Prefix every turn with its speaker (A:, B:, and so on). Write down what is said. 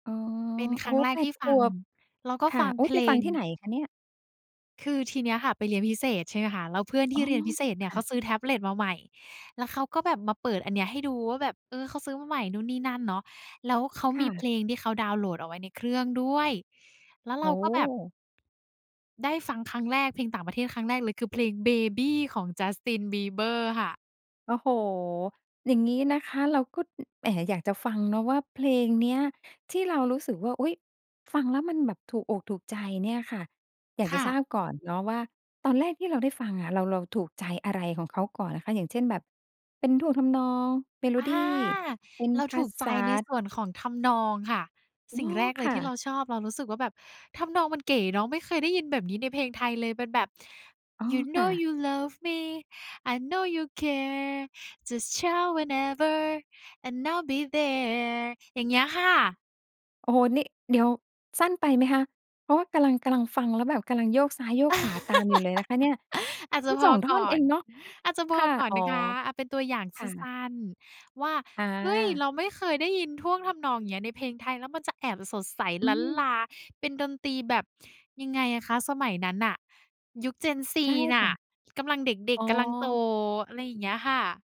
A: อ๋อ
B: เป็น
A: โ
B: ค
A: อ
B: ร
A: ้
B: ั้
A: โฮ!
B: งแร
A: แ
B: ก
A: ป
B: ท
A: ด
B: ี่
A: ข
B: ฟัง
A: วบ
B: แล้วก็
A: ค่
B: ฟ
A: ะ
B: ัง
A: โอ้
B: เพ
A: ไป
B: ล
A: ฟัง
B: ง
A: ที่ไหนคะเนี่ย?
B: คือทีเนี้ยค่ะ ไปเรียนพิเศษ ใช่ไหมคะ แล้วเพื่อนท
A: อ๋
B: ี่
A: อ
B: เรียนพิเศษเนี่
A: ค
B: ย
A: ่
B: เขา
A: ะ
B: ซื้อแท็บเล็ตมาใหม่ แล้วเขาก็แบบมาเปิดอันเนี้ยให้ดูว่าแบบ เอ่อ เขาซื้อมาใหม่นู่นนี่นั่นเนาะ แล้วเขา
A: ค
B: ม
A: ่
B: ีเพ
A: ะ
B: ลงที่เขาดาวน์โหลดเอาไว้ในเครื่องด้วย แล้วเ
A: โ
B: ร
A: อ
B: า
A: ้
B: ก
A: โ
B: ็แบบ
A: ฮ!
B: ได้ฟังครั้งแรกเพลงต่างประเทศครั้งแรกเลย คือ เพลง Baby ของ Justin Bieber ค่ะ
A: โอ้โฮ! อย่างงี้นะคะ เราก็ อ แอ๋ อยากจะฟังเนาะ ว่าเพลงเนี้ย ที่เรารู้สึกว่า อุ๊ย! ฟังแล้วมันแบบถูกอกถูกใจเนี่ยค่ะ อยาก
B: ค
A: จ
B: ่
A: ะท
B: ะ
A: ราบก่อนเนาะว่า ตอนแรกที่เราได้ฟังอะ เรา เราถูกใจอะไรของเขาก่อนนะคะ อย่างเช่น แบบเป็นท่วงทำนอง เมโล
B: อา
A: ดี เป็น
B: เรา
A: ภ
B: ถ
A: า
B: ูกใจ
A: ษา?
B: ในส่วนของทำนองค่ะ
A: โอ้
B: สิ่งแรกเ
A: ค
B: ลย
A: ่
B: ท
A: ะ
B: ี่เราชอบเรารู้สึกว่าแบบ ทำนองมันเก๋เนาะ ไม่เคยได้ยินแบบนี้ในเพลงไทยเลย เป็นแบบ
A: อ๋อ
B: You
A: ค่
B: know
A: ะ
B: you love me. I know you care. Just, shout whenever and I’ll be there อย่างเงี้ยค่ะ
A: โอ้โฮ! นี่ เดี๋ยว สั้นไปไหมคะ เพราะว่ากำลัง กำลังฟังแล้วแบบกำลังโยกซ้าย โยกขวาตามอยู่เลยนะคะเนี่ย
B: อาจจ
A: ม
B: ะ
A: ัน
B: พ
A: ส
B: อ
A: อง ท
B: ก
A: ่อน
B: ่อ
A: เอ
B: น
A: งเนาะ
B: อาจจะพ
A: ค
B: อ
A: ่ะ
B: ก่อน
A: อ๋อ
B: นะคะ เอาเป็นตัวอย่าง
A: ค
B: ส
A: ่
B: ั
A: ะ
B: ้น ๆ ว่า
A: อ
B: เฮ้ย!
A: า
B: เราไม่เคยได้ยินท่วงทำนอง อย่างเงี้ย ในเพลงไทยแล้วมันจะแอบสดใส
A: อื
B: ลั้นล
A: ม
B: าเป็นดนตรีแบบยังไงอะคะ สมัยนั้นน่ะ ยุค Gen Z
A: ใช่
B: น
A: ค
B: ่ะ
A: ่ะ
B: กำลังเด็
A: อ
B: ก
A: ๋
B: ๆ กำลังโต
A: อ
B: อะไรอย่างเงี้ยค่ะ